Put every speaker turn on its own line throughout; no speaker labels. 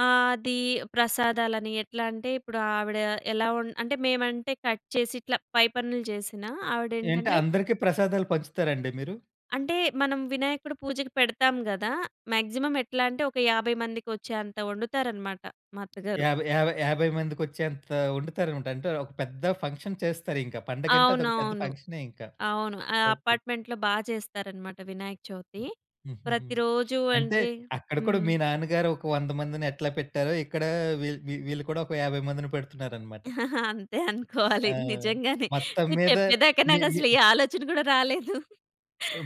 ఆ! అది ప్రసాదాలని ఎట్లా అంటే ఇప్పుడు ఆవిడ ఎలా వం అంటే, మేమంటే కట్ చేసి ఇట్లా పై పనులు జేసినా,
ఏంటి,
ఆవిడేంటంటే
అందరికి ప్రసాదాలు పంచుతారండి మీరు?
అంటే మనం వినాయకుడి పూజకి పెడతాం గదా! మాక్సిమమ్ ఎట్లా అంటే ఒక 50 మందికొచ్చేంత ఒండుతారన‌మాట మా అత్తగారు.
యాభై యాభై యాభై మందికొచ్చేంత వండుతారనమాట. అంటే ఒక పెద్ద ఫంక్షన్ చేస్తారింక. పండగంటే అదొక పెద్ద
అవునవును.
ఫంక్ష‌నే ఇంక.
అవును. ఆ
ఓకే.
అపార్ట్‌మెంట్‌లో బా జేస్తారన‌మాట వినాయక చవితి.
హ్మ్, హుహుహు.
ప్రతిరోజూ
అంటే
అంటే
అక్కడ కూడా
హ్మ్.
మీ నాన్నగారు ఒక 100 మందిని ఎట్లా పెట్టారో ఇక్కడ వీళ్ వీళ్ వీళ్ళు కూడా ఒక 50 మందిని పెడుతున్నారన‌మాట.
అంతే అనుకోవాలి.
ఆ!
నిజంగానే.
మొత్తం
మీరు
మీద
చెప్పేదాకా
మీ మీ
నాకసలు ఏ ఆలోచన గూడా రాలేదు.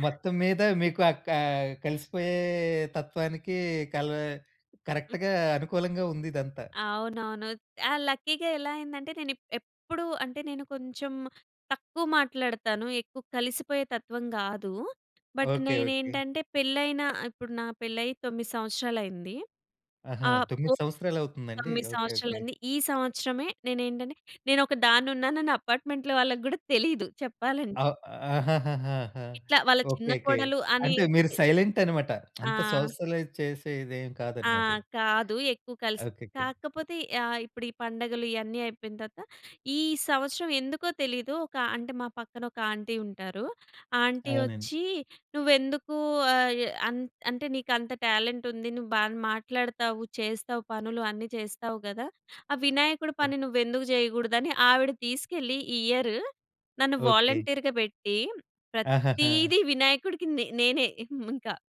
మొత్తం మీద మీకు అక్కా కలిసిపోయే తత్వానికి కల
హ్మ్.
కరెక్ట్‌గా అనుకూలంగా ఉందిదంతా.
అవునవును. ఆ! లక్కీగా ఎలా అయ్యిందంటే నేనిప్ ఎప్పుడూ అంటే నేను కొంచెం తక్కువ మాట్లాడతాను. ఎక్కువ కలిసిపోయే తత్వం గాదు. But
okay. ఓకే.
నేనేంటంటే పెళ్ళైన ఇప్పుడు నా పెళ్ళయ్యి 9 సంవత్సరాలయింది.
ఆహా!
ఆ! పో
9 సంవత్సరాలవుతుందండి.
9
ఓకే. ఓకే.
సంవత్సరా‌లయింది. ఈ సంవత్సరమే నేనేంటంటే నేనొక దాన్ను‌న్నానని అపార్ట్‌మెంట్‌లో వాళ్ళకి గూడా తెలీదు చెప్పాలంటే.
అవ్ ఆహాహహాహా!
ఇట్లా వాళ్ళ చిన్న
ఓకేకే.
కోడలు
అంటే మీరు
అనేది
సైలెంటన‌మాట. అంత
ఆ!
సోషలైజ్ చేసేదేం
ఆ!
కాదన‌మాటిది.
కాదు. ఎక్కువ కలిసి
ఓకేకే.
కాకపోతే యా ఇప్పుడు ఈ పండగలు ఇయన్నీ అయిపోయిన తర్వాత, ఈ సంవత్సరం ఎందుకో తెలీదు ఒక అంటే మా పక్కన ఒక ఆంటీ ఉంటారు. ఆంటీ
అవునని.
ఒచ్చి నువ్వెందుకు ఆయే అన్ అంటే నీకంత టాలెంట్ ఉంది. నువ్వు బాగా మాట్లాడతావు, చేస్తావు పనులు అన్ని చేస్తావు గదా! ఆ వినాయకుడి
ఓహ్!
పని నువ్వెందుకు జేయకూడదని ఆవిడ తీసుకెళ్ళి, ఈ ఇయర్ నన్ను
ఓకే.
వాలంటీర్‌గా బెట్టి,
ఆహాహా!
ప్రత్తీదీ వినాయకుడికి నే నేనే హ్మ్, ఇంకా.